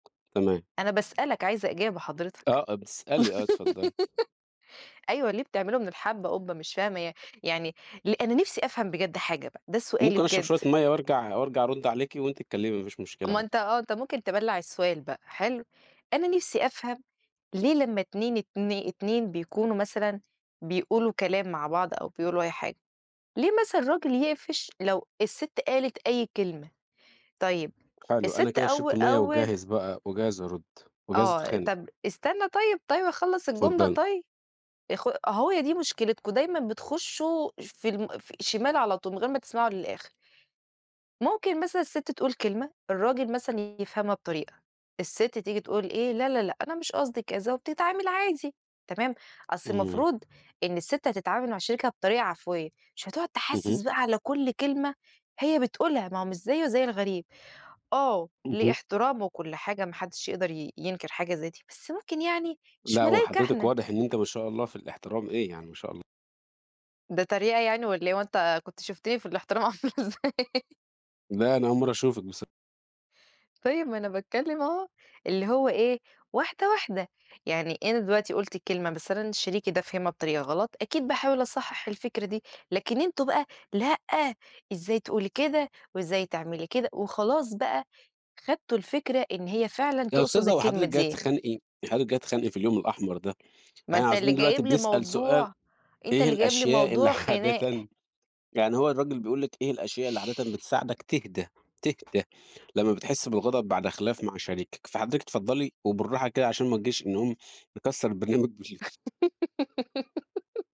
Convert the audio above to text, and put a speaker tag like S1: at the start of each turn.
S1: تمام.
S2: أنا باسألك عايزة إجابه حضرتك.
S1: آه بتسألي آه اتفضلي.
S2: أيوه، ليه بتعملوا من الحبّة قُبّة؟ مش فاهمة يع يعني ل أنا نِفسي أفهم بجد حاجة بقى، ده سؤالي
S1: ممكن أشرب
S2: بجد.
S1: شوية مَيّة وارجع وارجع أرد عليكِ وأنتِ اتكلمي مافيش مشكلة
S2: ما
S1: عادي.
S2: أنت آه أنت ممكن تبلَّع السؤال بقى، حلو، أنا نِفسي أفهم ليه لمّا اتنين اتني اتنين بيكونوا مثلًا بيقولوا كلام مع بعض أو بيقولوا أي حاجة، ليه مثلًا الراجل يقفش لو السِت قالت أي كلمة؟ طيب
S1: حلو أنا
S2: السِت
S1: كده
S2: أو
S1: شربت ميّة
S2: أول
S1: وجاهز بقى وجاهز أرد وجاهز
S2: آه
S1: أتخانق.
S2: طَب استنى طيب، طيب اخلص الجملة
S1: اتفضلي.
S2: طيب، يا أخوي أهو دي مشكلتكم دايمًا بتخشّوا في ال في شمال على طول من غير ما تسمعوا للآخر. ممكن مثلًا السِت تقول كلمة، الراجل مثلًا يفهمها بطريقة، السِت تيجي تقول إيه لا، لا، لأ، أنا مش قصدي كذا، وبتتعامل عادي، تمام، أصل
S1: إمم.
S2: المفروض إن السِت هتتعامل مع شريكها بطريقة عفوية، مش هتقعد تحسس
S1: اهم.
S2: بقى على كُلّ كلمة هي بتقولها، ما هو مش زيه زي الغريب، آه ليه
S1: اهم.
S2: احترامه وكُلّ حاجة ما حدش يقدر ي ينكِر حاجة زي دي، بس ممكن يعني مش
S1: لأ هو
S2: ملايكة
S1: حضرتِك
S2: إحنا.
S1: واضح إن أنتِ ما شاء الله في الإحترام إيه يعني ما شاء ال
S2: ده تريقة يعني والّا إيه، هو أنت كنت شُفتني في الإحترام عاملة إزاي.
S1: لأ أنا أول مرّة أشوفِك بص
S2: طيب ما أنا باتكلم أهو، اللي هو إيه واحدة واحدة، يعني أنا دلوقتي قُلت كلمة بس أنا شريكي ده فهمها بطريقة غلط، أكيد باحاول أصحح الفكرة دي، لكن أنتم بقى لأ إزاي تقولي كده؟ وإزاي تعملي كده؟ وخلاص بقى خدتوا الفكرة إن هي فعلًا
S1: يا
S2: تقصد
S1: أستاذة هو
S2: الكلمة
S1: حضرتِك جايّة
S2: دي.
S1: تتخانقي، حضرتِك جايّة تتخانقي في اليوم الأحمر ده،
S2: ما
S1: إحنا
S2: أنت اللي
S1: عايزين دلوقتي
S2: جايب لي
S1: بنسأل سؤال
S2: موضوع أنت
S1: إيه
S2: اللي جايب لي
S1: الأشياء اللي
S2: موضوع خناق.
S1: عادةً يعني هو الراجل بيقول لِك إيه الأشياء اللي عادةً بتساعدك تهدا تهدا لمّا بتحس بالغضب بعد خِلاف مع شريكَك، فحضرتِك اتفضلي وبالراحة كده علشان ما نجيش نقوم نكسّر البرنامج بال